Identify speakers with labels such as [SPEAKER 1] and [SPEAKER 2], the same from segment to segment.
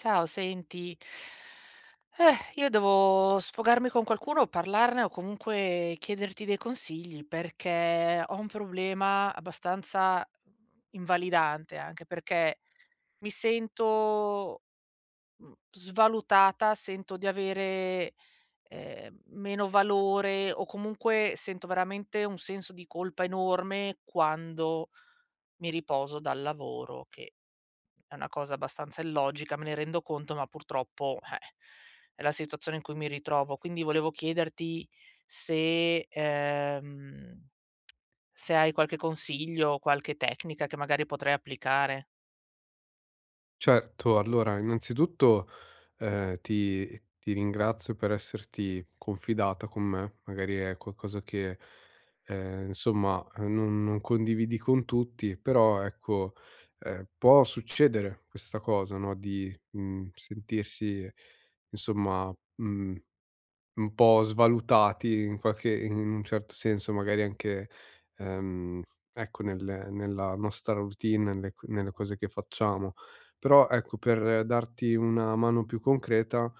[SPEAKER 1] Ciao, senti, eh, io devo sfogarmi con qualcuno, parlarne o comunque chiederti dei consigli, perché ho un problema abbastanza, mhmm, invalidante, anche perché mi sento, mhmm, svalutata, sento di avere, ehm, meno valore o comunque sento veramente un senso di colpa enorme quando mi riposo dal lavoro, che è una cosa abbastanza illogica, me ne rendo conto, ma purtroppo, eh, è la situazione in cui mi ritrovo. Quindi volevo chiederti se ehm, se hai qualche consiglio, qualche tecnica che magari potrei applicare.
[SPEAKER 2] Certo. Allora, innanzitutto, ehm, ti ti ringrazio per esserti confidata con me, magari è qualcosa che, ehm, insomma, uhm, non non condividi con tutti, però ecco, ehm, può succedere questa cosa, no, di, mhmm, sentirsi insomma, mhmm, un po' svalutati in qualche i in un certo senso, magari anche, ehm, ecco nelle nella nostra routine, nelle c nelle cose che facciamo. Però ecco, per darti una mano più concreta,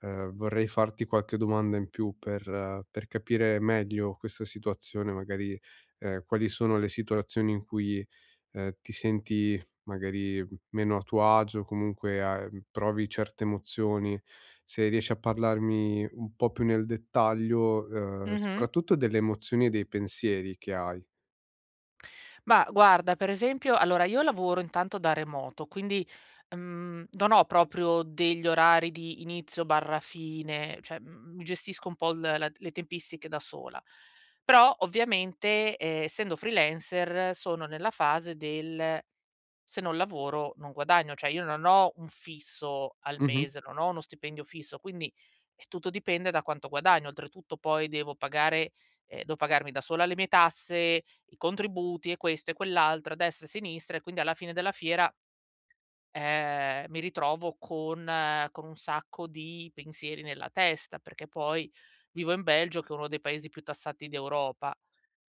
[SPEAKER 2] uhm, vorrei farti qualche domanda in più per per capire meglio questa situazione magari. Ehm, quali sono le situazioni in cui, ehm, ti senti magari meno a tuo agio o comunque a, ehm provi certe emozioni. Se riesci a parlarmi un po' più nel dettaglio, uhm,
[SPEAKER 1] Mh-mh.
[SPEAKER 2] soprattutto delle emozioni e dei pensieri che hai.
[SPEAKER 1] Bah, guarda, per esempio allora, io lavoro intanto da remoto quindi, uhm, non ho proprio degli orari di inizio/fine, cioè, mhmm, mi gestisco un po' l la le tempistiche da sola, però ovviamente, ehm, essendo freelancer sono nella fase del: "se non lavoro non guadagno." Cioè, io non ho un fisso al
[SPEAKER 2] Mh-mh.
[SPEAKER 1] mese, non ho uno stipendio fisso, quindi, eh, tutto dipende da quanto guadagno. Oltretutto poi devo pagare ehm, devo pagarmi da sola le mie tasse, i contributi e questo e quell'altro, a destra e sinistra e quindi alla fine della fiera ehm, mi ritrovo con con un sacco di pensieri nella testa, perché poi vivo in Belgio che è uno dei paesi più tassati d'Europa,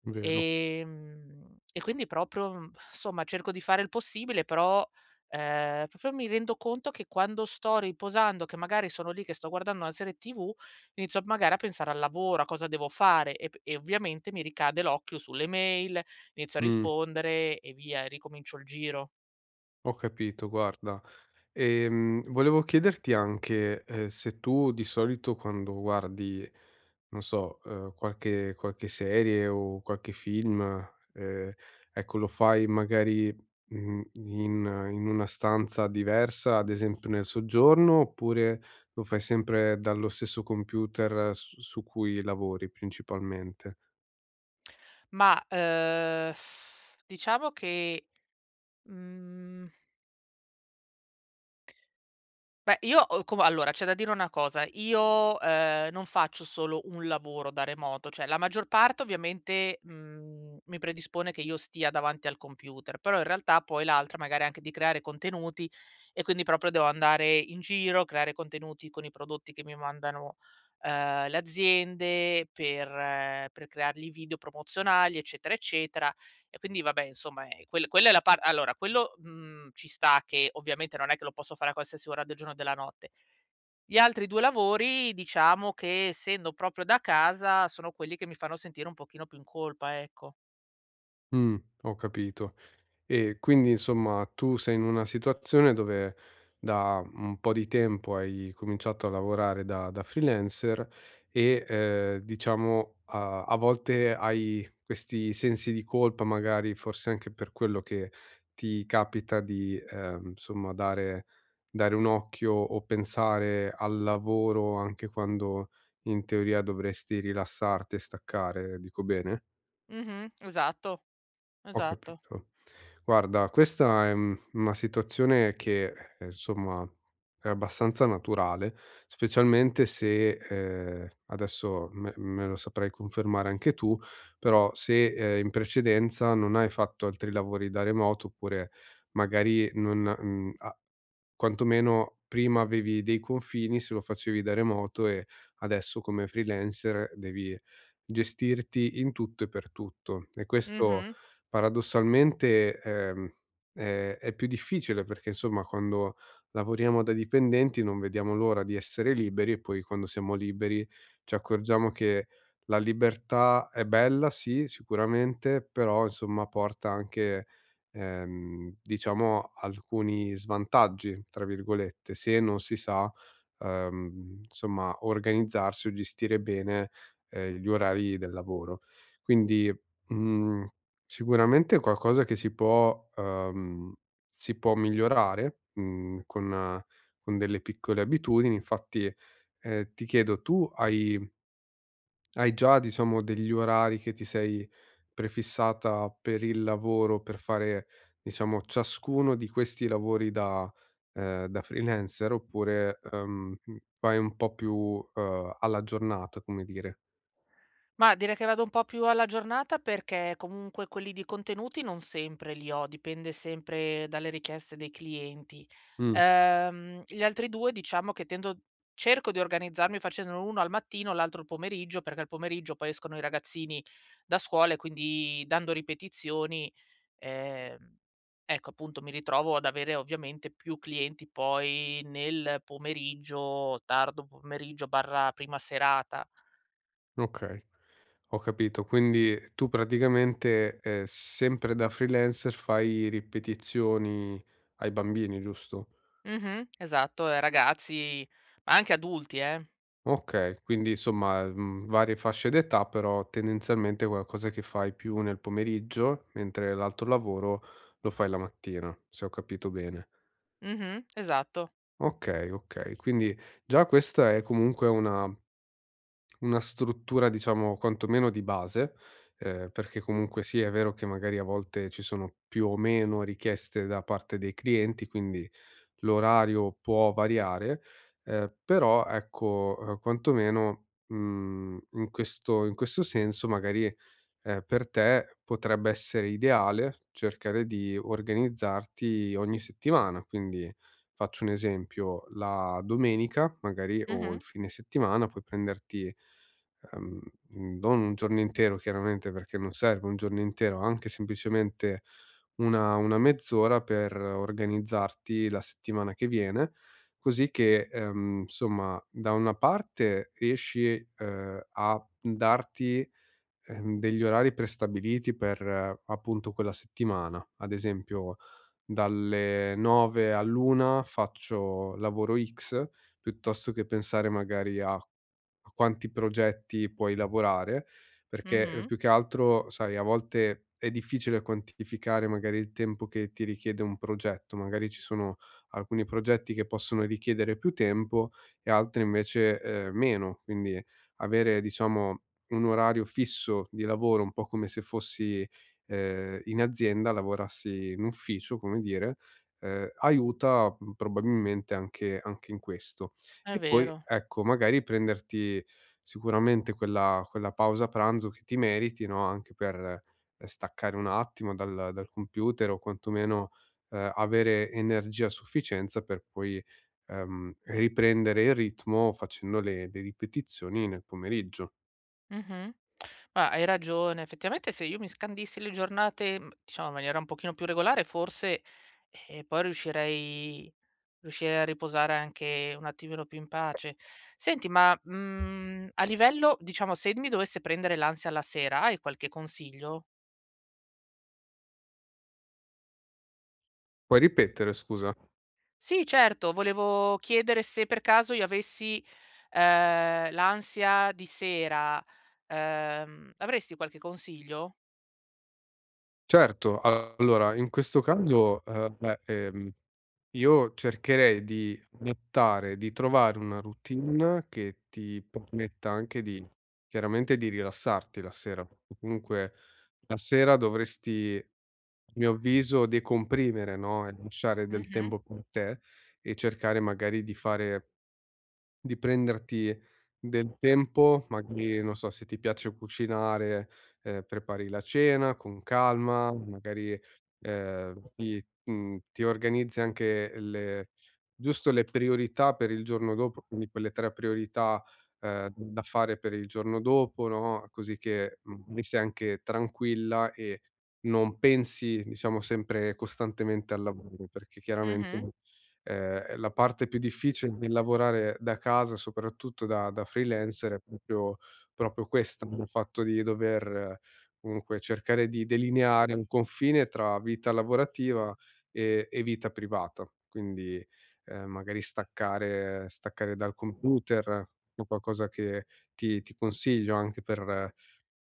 [SPEAKER 2] Vero.
[SPEAKER 1] ehm, e quindi proprio insomma, cerco di fare il possibile, però, ehm, proprio mi rendo conto che quando sto riposando, che magari sono lì che sto guardando la serie tv inizio a magari a pensare al lavoro, a cosa devo fare e p e ovviamente mi ricade l'occhio sulle mail, inizio a
[SPEAKER 2] Mh.
[SPEAKER 1] rispondere e via, e ricomincio il giro.
[SPEAKER 2] Ho capito, guarda. Ehm, volevo chiederti anche, uhm, se tu di solito quando guardi, non so, uhm, qualche qualche serie o qualche film, ehm, ecco lo fai magari, mhmm, in in una stanza diversa, ad esempio nel soggiorno, oppure lo fai sempre dallo stesso computer s su cui lavori principalmente?
[SPEAKER 1] Ma, uhm, diciamo che, mhmm beh io ho cu va allora c'è da dire una cosa, io, ehm, non faccio solo un lavoro da remoto, cioè la maggior parte ovviamente, mhmm, mi predispone che io stia davanti al computer, però in realtà poi l'altra magari anche di creare contenuti e quindi proprio devo andare in giro, creare contenuti con i prodotti che mi mandano, uhm, le aziende per per creargli video promozionali eccetera, eccetera; e quindi vabbè insomma, ehm, quel quella è la par allora quello, mhmm, ci sta che ovviamente non è che lo posso fare a qualsiasi ora del giorno e della notte. Gli altri 2 lavori diciamo che, essendo proprio da casa, sono quelli che mi fanno sentire un pochino più in colpa ecco.
[SPEAKER 2] Mh, ho capito. E quindi insomma tu sei in una situazione dove da un po' di tempo hai cominciato a lavorare da da freelancer e, ehm, diciamo a a volte hai questi sensi di colpa, magari forse anche per quello che ti capita di, ehm, insomma dare dare un occhio o pensare al lavoro anche quando in teoria dovresti rilassarti e staccare, dico bene?
[SPEAKER 1] Mh-mh. Esatto,
[SPEAKER 2] Ho
[SPEAKER 1] esatto.
[SPEAKER 2] capito. Guarda questa è, mhmm, una situazione che, ehm, insomma è abbastanza naturale, specialmente se, ehm, adesso me me lo saprai confermare anche tu, però se, ehm, in precedenza non hai fatto altri lavori da remoto oppure magari non, mhmm, a quantomeno prima avevi dei confini se lo facevi da remoto e adesso come freelancer devi gestirti in tutto e per tutto, e questo
[SPEAKER 1] Mh-mh.
[SPEAKER 2] paradossalmente, ehm, è è più difficile perché insomma quando lavoriamo da dipendenti non vediamo l'ora di essere liberi e poi quando siamo liberi ci accorgiamo che la libertà è bella, sì, sicuramente, però insomma porta anche, ehm, diciamo alcuni "svantaggi", tra virgolette, se non si sa, ehm, insomma organizzarsi o gestire bene, ehm, gli orari del lavoro. Quindi, mhmm, sicuramente qualcosa che si può, uhm, si può migliorare, mhmm, con con delle piccole abitudini, infatti, ehm, ti chiedo tu hai hai già, diciamo degli orari che ti sei prefissata per il lavoro, per fare, diciamo ciascuno di questi lavori da, ehm, da freelancer, oppure, ehm, mhmm, vai un po' più, uhm, alla giornata, come dire?
[SPEAKER 1] Mah direi che vado un po' più alla giornata perché, comunque, quelli di contenuti non sempre li ho, dipende sempre dalle richieste dei clienti.
[SPEAKER 2] Mh.
[SPEAKER 1] Ehm, gli altri 2 diciamo che tendo cerco di organizzarmi facendolo 1 al mattino l'altro al pomeriggio, perché al pomeriggio poi escono i ragazzini da scuola e quindi dando ripetizioni, ehm, ecco appunto mi ritrovo ad avere ovviamente più clienti poi nel pomeriggio, tardo pomeriggio/prima serata.
[SPEAKER 2] Okay. Ho capito, quindi tu praticamente, ehm, sempre da freelancer fai ripetizioni ai bambini, giusto?
[SPEAKER 1] Mh-mh. Esatto, ehm, ragazzi, ma anche adulti, eh.
[SPEAKER 2] Okay, quindi insomma, mhmm, varie fasce d'età però tendenzialmente qualcosa che fai più nel pomeriggio, mentre l'altro lavoro lo fai la mattina, se ho capito bene.
[SPEAKER 1] Mh-mh. Esatto.
[SPEAKER 2] Okay, okay, quindi già questa è comunque una una struttura diciamo quantomeno di base, ehm, perché comunque sia è vero che magari a volte ci sono più o meno richieste da parte dei clienti, quindi l'orario può variare, ehm, però ecco, uhm, quantomeno, mhmm, in questo in questo senso magari, ehm, per te potrebbe essere ideale cercare di organizzarti ogni settimana, quindi faccio un esempio: la domenica magari, o il
[SPEAKER 1] Mh-mh.
[SPEAKER 2] fine settimana puoi prenderti, ehm, mhmm, non un giorno intero chiaramente perché non serve un giorno intero, anche semplicemente una una mezz'ora per organizzarti la settimana che viene, così che, ehm, insomma da una parte riesci, ehm, a m darti, ehm, degli orari prestabiliti per appunto quella settimana, ad esempio dalle 9 all'1 faccio lavoro X, piuttosto che pensare magari a a quanti progetti puoi lavorare, perché
[SPEAKER 1] Mh-mh.
[SPEAKER 2] più che altro sai, a volte è difficile quantificare magari il tempo che ti richiede un progetto, magari ci sono alcuni progetti che possono richiedere più tempo e altri invece, ehm, meno. Quindi, avere diciamo un orario fisso di lavoro, un po' come se fossi, ehm, in azienda, lavorassi in ufficio, come dire, ehm, aiuta, mhmm, probabilmente anche anche in questo.
[SPEAKER 1] È
[SPEAKER 2] E poi
[SPEAKER 1] vero.
[SPEAKER 2] ecco, magari prenderti sicuramente quella quella pausa pranzo che ti meriti no, anche per staccare un attimo dal dal computer o quantomeno, ehm, avere energia a sufficienza per poi, ehm, riprendere il ritmo facendo le de ripetizioni nel pomeriggio.
[SPEAKER 1] Mh-mh. Ma hai ragione effettivamente se io mi scandissi le giornate, mhmm, diciamo in maniera un pochino più regolare forse, eh, poi riuscirei riuscirei a riposare anche un attimino più in pace. Senti ma, mhmm, a livello diciamo se d mi dovesse prendere l'ansia la sera, hai qualche consiglio?
[SPEAKER 2] Puoi ripetere, scusa?
[SPEAKER 1] Sì, certo. Volevo chiedere se per caso io avessi, ehm, l'ansia di sera, ehm, avresti qualche consiglio?
[SPEAKER 2] Certo. Allora in questo caso, ehm, beh, ehm, io cercherei di buttare di trovare una routine che ti permetta anche di chiaramente di rilassarti la sera. O comunque la sera dovresti a mio avviso decomprimere no, e lasciare del
[SPEAKER 1] Mh-mh.
[SPEAKER 2] tempo con te e cercare magari di fare di prenderti del tempo, magari non so se ti piace cucinare, ehm, prepari la cena con calma, magari, ehm, ti, mhmm, ti organizzi anche le giusto le priorità per il giorno dopo, quindi quelle tre priorità, ehm, da fare per il giorno dopo no, così che, mhmm, mi sei anche tranquilla e non pensi diciamo sempre costantemente al lavoro. Perché
[SPEAKER 1] Mh-mh.
[SPEAKER 2] chiaramente, ehm, la parte più difficile, nel lavorare da casa soprattutto da da freelancer, è proprio- proprio questo, il fatto di dover comunque cercare di delineare un confine tra vita lavorativa e e vita privata. Quindi, ehm, magari staccare, staccare dal computer o qualcosa che ti ti consiglio anche per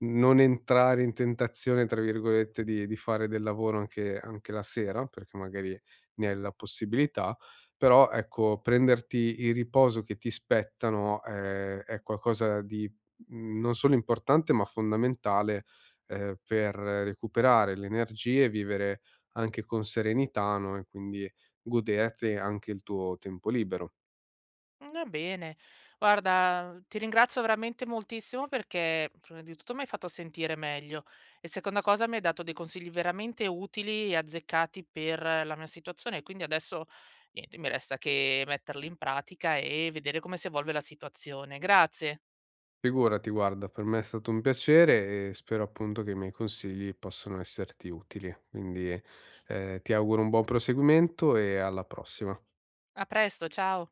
[SPEAKER 2] non entrare in tentazione tra virgolette di di fare del lavoro anche anche la sera perché magari ne hai la possibilità. Però ecco prenderti il riposo che ti spetta no, è è qualcosa di non solo importante ma fondamentale, ehm, per recuperare le energie e vivere anche con serenità no e quindi goderti anche il tuo tempo libero.
[SPEAKER 1] Va bene. Guarda, ti ringrazio veramente moltissimo perché prima di tutto mi hai fatto sentire meglio e seconda cosa mi hai dato dei consigli veramente utili e azzeccati per la mia situazione e quindi adesso niente mi resta che metterli in pratica e vedere come si evolve la situazione. Grazie.
[SPEAKER 2] Figurati guarda. Per me è stato un piacere e spero appunto che i miei consigli possano esserti utili, quindi, ehm, ti auguro un buon proseguimento e alla prossima.
[SPEAKER 1] A presto, ciao.